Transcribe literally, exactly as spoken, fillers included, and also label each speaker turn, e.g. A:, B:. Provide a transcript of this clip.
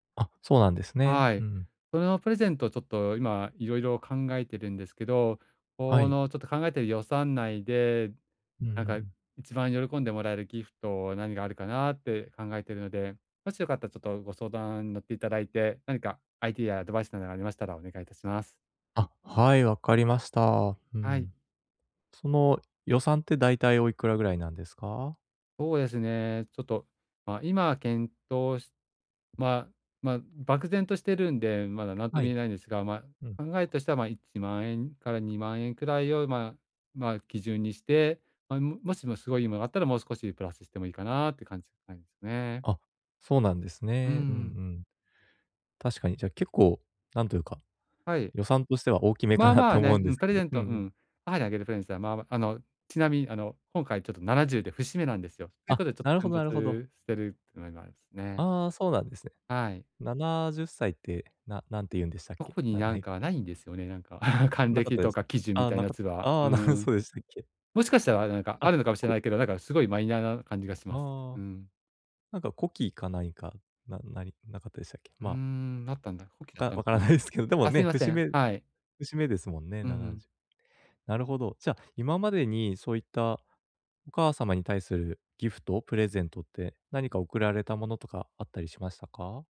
A: あ、そうなんですね。
B: は
A: う
B: い。
A: ん。
B: そのプレゼントを、ちょっと、今色々考えているんですけど、
A: は
B: こ
A: い。
B: の、ちょっと、考えている予算内で、
A: うんう
B: なんか
A: ん。
B: 一番喜んでもらえるギフト何があるかなって考えているので、もしよかったら、ちょっと、ご相談に乗っていただいて、何かアイディアやアドバイスなどがありましたらお願いいたします。
A: あ、はい、わかりました。う
B: はい。
A: ん。その、予算ってだいたいお幾ら位なんですか。
B: そうですね、ちょっと、ま、今検討しまあまあ、漠然としているんで、まだ何とも
A: は
B: 言
A: い。
B: えないんですが、ま
A: うん。
B: あ、考えとしては、まあ、いちまんえんからにまんえん位を、まあまあ、基準にして、ま、もしもすごいいい物があったらもう少しプラスしてもいいかなって感じなんですね。
A: あ、そうなんです
B: う
A: ね、うんう
B: ん。
A: ん。確かに、じゃあ結構なんというか、
B: はい。
A: 予算としては大きめか
B: まあ
A: なっ
B: ま
A: て
B: あ
A: 思う
B: ね、
A: んです
B: プレ
A: け
B: ゼ
A: ど、
B: ン
A: うんう
B: トう
A: ん。
B: ん、母にあげるプレゼントは、まあ、あの、ちなみに、あの今回ちょっとななじゅうで節目なんですよ。という
A: あ、
B: ことで、ちょっ
A: な
B: と、
A: るほ
B: 奮
A: どなるほど。
B: 発してるっていうのがありますね。
A: ああ、そうなんですね。
B: はい。
A: ななじゅっさいって、な何て言うんでしたっけ。
B: 特に
A: なな
B: 何
A: い。
B: か無いんですよね、なんか、還
A: なかっ
B: 暦
A: たで
B: と
A: す
B: か
A: か。
B: 喜寿
A: あ
B: み
A: あ、
B: たいな
A: な
B: や
A: か
B: つは。
A: あ
B: うー
A: あ、なる
B: ん。
A: そうでしたっけ。
B: もしかしたら、何か
A: あ、
B: あるのかもしれな
A: こ
B: いけど、なんかすごいマイナーな感じがします。
A: あ
B: う
A: あ。
B: ん。
A: なんか古希か、ないかないなかったでしたっけ、
B: うー
A: まあ
B: ん、なったんだ。古希だっ
A: か、
B: たの
A: 分
B: か
A: から
B: な。
A: ないですけど、でも
B: あ、すい
A: ね、
B: ませ
A: 節
B: ん、
A: 目
B: はい。
A: 節目ですもんね、
B: う
A: なな
B: ん。
A: じゅう。なるほど。じゃ、今までにそういったお母様に対するギフト？プレゼントって何か贈られたものとかあったりしましたか？